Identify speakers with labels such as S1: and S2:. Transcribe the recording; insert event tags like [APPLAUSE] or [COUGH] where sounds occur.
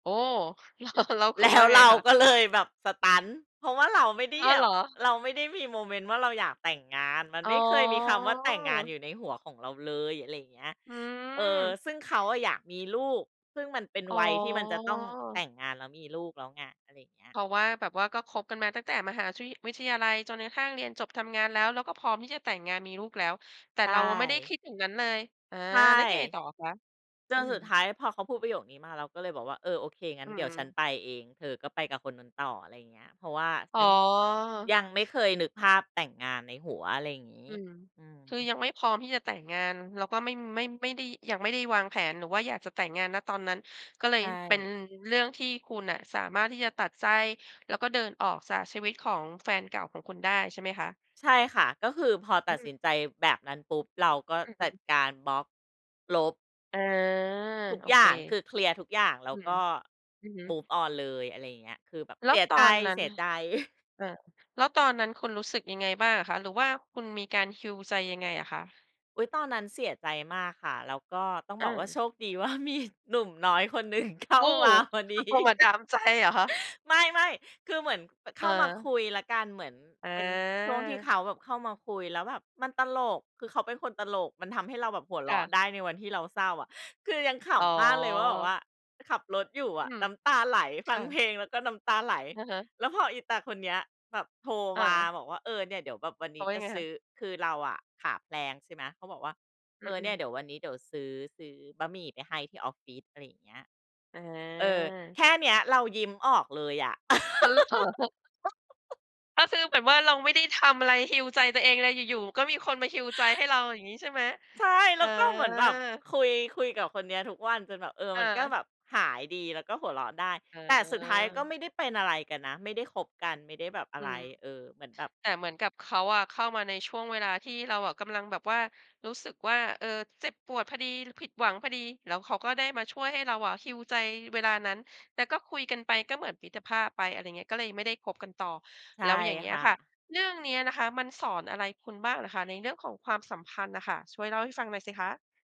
S1: โอ้ แล้ว แล้วค
S2: แ
S1: ุ
S2: ล
S1: ณ
S2: ้
S1: ว่
S2: ว
S1: าไง
S2: เรา
S1: คะ?
S2: ก็เลยแบบ สตัน เพราะว่าเราไม่ได้
S1: อ้
S2: แ
S1: อ
S2: หย
S1: เหร
S2: บ
S1: อ
S2: เราไม่ได้มีโมเมนต์ว่าเราอยากแต่งงาน มัน
S1: อ๋
S2: ไม่เคยมีคำว่าแต่งงานอ
S1: อ
S2: ยู่ในหัวของเราเลย อะไรอย่างเงี้ย
S1: อื
S2: เออ
S1: ม
S2: ซึ่งเขาอะอยากมีลูก ซึ่งมันเป็น
S1: อ๋
S2: วัยที่มันจะต้องแต
S1: อ
S2: ่งงานแล้วมีลูกแล้วไง อะไรอย่างเงี้ย
S1: เพราะว่า แบบว่าก็คบกันมาตั้งแต่มหาชิ วิทยาลัยจนกระทั่งเรียนจบทำงานแล้ว แล้วก็พร้อมที่จะแต่งงานมีลูกแล้ว แต่
S2: ใช
S1: เราอะไม่ได้ค
S2: ่
S1: ิดอย่างนั้นเลย อา
S2: ใช่
S1: แล้วไงต่ออะคะ
S2: จ
S1: อื
S2: น
S1: ม
S2: สุดท้ายพอเขาพูดประโยคนี้มา เราก็เลยบอกว่า เออ โอเค งั้
S1: อื
S2: นเดี๋ยวฉัน
S1: ม
S2: ไปเอง เธอก็ไปกับคนนู้นต่อ อะไรอย่างเงี้ย เพราะว่าฉ
S1: อ๋
S2: ันย
S1: อ
S2: ังไม่เคยนึกภาพแต่งงานในหัว อะไรอย่างงี้
S1: อืม
S2: อื
S1: คือ
S2: ม
S1: ยังไม่พร้อมที่จะแต่งงาน แล้วก็ไม่ ไม่ ไม่ได้ ยังไม่ได้วางแผนหรือว่าอยากจะแต่งงาน ณ ตอนนั้น ก็เล
S2: ใ
S1: ย
S2: ช
S1: เป็น
S2: ่
S1: เรื่องที่คุณอะสามารถที่จะตัดใจ แล้วก็เดินออกจากชีวิตของแฟนเก่าของคุณได้ ใช่ไหมคะ?
S2: ใช่ค่ะ ก็คือพอ
S1: อ
S2: ต
S1: ื
S2: ัดส
S1: ม
S2: ินใจแบบนั้นปุ๊บ เราก็
S1: อือฮ
S2: จัด
S1: ึ
S2: การบล็อก ลบ
S1: อา
S2: ทุก
S1: โอ
S2: อย
S1: เค
S2: ่าง คือเคลียร์ทุกอย่าง แล้
S1: อื
S2: วก
S1: ม
S2: ็
S1: อือฮึ
S2: Move on เลย อะไรอย่างเงี้ย คือแบบ
S1: แล
S2: เ
S1: ้
S2: ส
S1: ว
S2: ีย
S1: ต
S2: ใ
S1: อนนั้นล่ะ
S2: จ ๆ [CHUCKLES]
S1: เออ แล้วตอนนั้นคุณรู้สึกยังไงบ้างอะคะ? หรือว่าคุณมีการ heal ใจยังไงอะคะ?
S2: อุ๊ย ตอนนั้นเสียใจมากค่ะ แล้วก็ต้อง
S1: อ
S2: บอกว่า
S1: า
S2: โชคดีว่ามีหนุ่มน้อยคนหนึ่งเข้
S1: โ
S2: า
S1: อ้!
S2: มาพอดี
S1: เข้ามาดามใจเหรอคะ?
S2: ไม่ ๆ คือเหมือน ป เข้ามาค
S1: เออ
S2: ุยแล้วกัน เหมือนเป็นช่วงที่
S1: อา
S2: เขาแบบเข้ามาคุยแล้วแบบมันตลก คือเขาเป็นคนตลก มันทำให้เราแบบหัวเร
S1: ค่
S2: าะ
S1: ะ
S2: ได้ในวันที่เราเศร้าอะ คือยังข
S1: อ๋อ
S2: ำมากเลยว่า แบบว่าขับรถอยู่อ
S1: อื
S2: ะ
S1: ม
S2: น้ำตาไหล
S1: ค
S2: ฟั
S1: ่
S2: งเพ
S1: ะ
S2: ลงแล้วก็น้ำตาไหล
S1: อือฮึ
S2: แล้วพออีตาคนเนี้ยแบบโทร
S1: อ
S2: มา
S1: า
S2: บอกว่า เออ เนี่ยเดี๋ยวแบบวันน
S1: เข
S2: ี
S1: า
S2: ้
S1: ว่า
S2: จ
S1: ย
S2: ะ
S1: ังไง
S2: ซ
S1: ค
S2: ื
S1: ะ?
S2: ้อ คือเราอะขาแพลง ใช่ไหม เขาบอกว่า
S1: อ
S2: เ
S1: ื
S2: อ
S1: อ
S2: อ
S1: อื
S2: เนี่ยเ
S1: ม
S2: ดี๋ยววันนี้เดี๋ยวซื้อ ซื้อบะหมี่ไปให้ที่ออฟฟิศ อะไรอย่างเงี้ย เออ
S1: อา
S2: แค่เนี้ยเรายิ้มออกเลยอะ [LAUGHS]
S1: อ้าวเหรอ ก็คือแบบว่าเราไม่ได้ทำอะไร heal ใจตัวเองเลย อยู่ ๆ ก็มีคนมา heal ใจให้เราอย่างงี้ ใช่ไหม
S2: ใช่ แ
S1: เอ
S2: ล้วก็เหมือนแบบ
S1: อ
S2: คุย คุยกับคนเนี้ยทุกวันจนแบบ เออ
S1: เ
S2: มันก็
S1: ออ
S2: แบบหายดีแล้วก็หัวเราะได้
S1: เ
S2: แต่สุดท้ายก็ไ
S1: ออ
S2: ม่ได้เป็นอะไรกันนะ ไม่ได้คบกัน ไม่ได้แบบอะ
S1: อื
S2: ไร
S1: ม
S2: เออ เหมือนแบบ
S1: แต่เหมือนกับเขาอะเข้ามาในช่วงเวลาที่เราอะกำลังแบบว่ารู้สึกว่า เออ เจ็บปวดพอดีหรือผิดหวังพอดี แล้วเขาก็ได้มาช่วยให้เราอะ heal ใจเวลานั้น แต่ก็คุยกันไปก็เหมือนมิตรภาพไป อะไรอย่างเงี้ย ก็เลยไม่ได้คบกันต่อ
S2: ใช
S1: แ
S2: ่
S1: ล้วอย่างงี้
S2: ค
S1: อ
S2: ่
S1: ะค่
S2: ะ
S1: ะ เรื่องเนี้ยนะคะมันสอนอะไรคุณบ้างเหรอคะ? ในเรื่องของความสัมพันธ์น่ะค่ะ ช่วยเล่าให้ฟังหน่อยสิคะ?